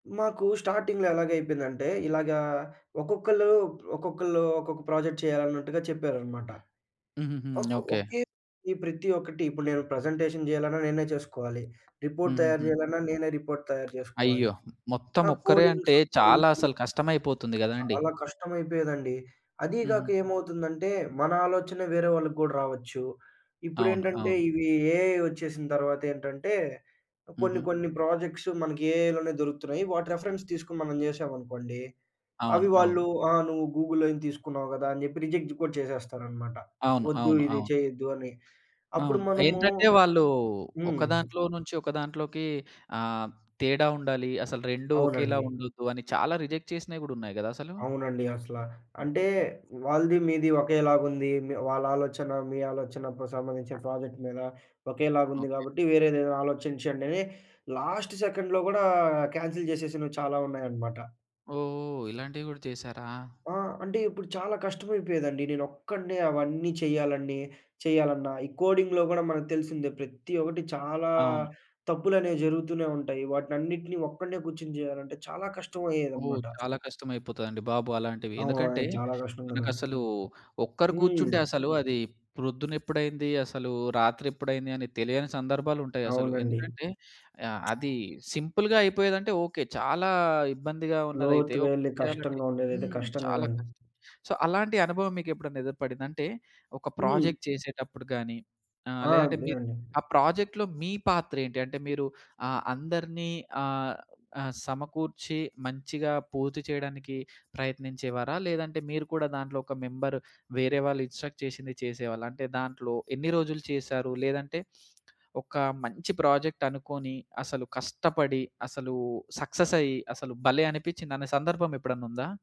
మాకూ స్టార్టింగ్‌లో ఎలాగయిపోయిందంటే, ఇలాగా ఒక్కొక్కళ్ళూ ప్ ఒక్కొక్కళ్ళూ ఒక్కొక్క ప్రాజెక్ట్ చెయ్యాలన్నట్టుగా చెప్పారనమాట. హుహుహు. ఒక్ ఓకే. ఒకే ప్రతి ఒక్కటి ఇప్పుడు నేను ప్రజెంటేషన్ జెయ్యాలన్నా నేనే చేసుకోవాలి. రిపోర్ట్ తయారు హుహుహు. జెయ్యాలన్నా, నేనే రిపోర్ట్ తయారు జేసుకోవాలి. అయ్యో! ఆ! మొత్తమొక్కరే కోడింగ్ అంటే, సమ్ చాలా రీజనింగ్. అసలు కష్టమైపోతుంది గదండీ! చాలా కష్టమయిపోయేదండి. అదీ గాక హుహు. ఏమవుతుందంటే, మన ఆలోచన వేరే వాళ్ళకు గూడా రావచ్చు. అవును. ఇప్పుడేంటంటే, అవును. ఇవీ ఏఐ ఒచ్చేసిన తర్వాతేంటంటే, కొన్ని హుహు. కొన్ని ప్రాజెక్ట్స్ మనకి ఏఐలోనే దొరుకుతున్నాయి. వాటి రిఫరెన్స్ తీసుకొని మనం జేశామనుకోండీ, అవి అవును. అవును. వాళ్ళూ "ఆ! నువ్వు గూగుల్‌లోంచి తీసుకున్నావు కదా!" అని జెప్పి రిజెక్ట్ గూడా చేసేస్తారనమాట, అవును. ఒద్దు అవును. ఇది అవును. చెయ్యొద్దు అ‌ని. అప్పుడు అవును. మనమూ ఏంటంటే, వాళ్ళూ హ్మ్. ఒక దాంట్లో నుంచి ఒక దాంట్లోకీ ఆహ్, తేడా ఉండాలీ, అసలు రెండూ ఒకేలా అవునండి. ఉండొద్దూ అని చాలా రిజెక్ట్ చేసినయి గూడున్నయి గదసలు. అవునండి. అసలా అంటే, హుహుహు. వాళ్ళది, మీది ఒకేలాగుంది. మె వాళ్ళాలోచన, మీ ఆలోచనపు సంబంధించి ప్రాజెక్ట్ మీద ఒకేలాగుంది ఓకే. గాబట్టి, వేరేదేదైనా ఆలోచించండని లాస్ట్ సెకండ్‌లో గూడా కాన్సెల్ జేసేసినవి చాలా ఉన్నాయనమాట. ఓహో! ఇలాంటివి గూడా చేశారా? ఆ! అంటే, ఇప్పుడు చాలా కష్టమైపోయేదండి, నేనొక్కడినే అవన్నీ చెయ్యాలన్నీ చెయ్యాలన్నా. ఈ కోడింగ్‌లో గూడా మనకు తెలిసిందే, ప్రతి ఒకటి చాలా అవును. తప్పులనేవి జరుగుతూనే ఉంటాయి. వాటినన్నిటిని ఒక్కడినే గూర్చొని చెయ్యాలంటే చాలా ఓహ్! కష్టమయ్యేదనమాట. చాలా కష్టమైపోతదండి బాబు అలాంటివి. ఎందుకంటే, అవును. చాలా కష్టం గదండీ. మనకసలూ ఒక్కరు కూర్చుంటే హ్మ్. అసలూ అదీ ప్రొద్దునెప్పుడైంది, అసలూ రాత్రెప్పుడైంది అని తెలియని సందర్భాలుంటయసలు. అవునండి. ఎందుకంటే, ఆహ్, అదీ సింపుల్‌గా అయిపోయేదంటే ఓకే. చాలా ఇబ్బందిగా ఉన్నదైతే లోతుగా ఎళ్లి, ఒకళ్ళే చెయ్యాలంటే కష్టంగా ఉండేదైతే హ్మ్. కష్టం చాలా గదండి. కష్టం. సో, అలాంటి అనుభవం మీకెప్పుడన్నా ఎదురుపడిందా? అంటే, ఒక హ్మ్. ప్రాజెక్ట్ చేసేటప్పుడు గానీ, ఆహ్, ఆ! లేదంటే అంతే మీరు అండి. ఆ ప్రాజెక్ట్‌లో మీ పాత్రేంటి? అంటే, మీరు ఆహ్, అందరినీ ఆహ్, ఆహ్, సమకూర్చి మంచిగా పూర్తి చెయడానికి ప్రయత్నించేవారా? లేదంటే, మీరు కూడా దాంట్లో ఒక మెంబరు, వేరే వాళ్ళు ఇన్స్ట్రక్ట్ చేసింది చేసేవాళ్ళా? అంటే, దాంట్లో ఎన్ని రోజులు చేశారు? లేదంటే, ఒకా మంచి ప్రాజెక్టనుకోని, అసలు కష్టపడి, అసలూ సక్ససయి, అసలు భలే! అనిపిచ్చిందనే సందర్భమెప్పుడన్నుందా?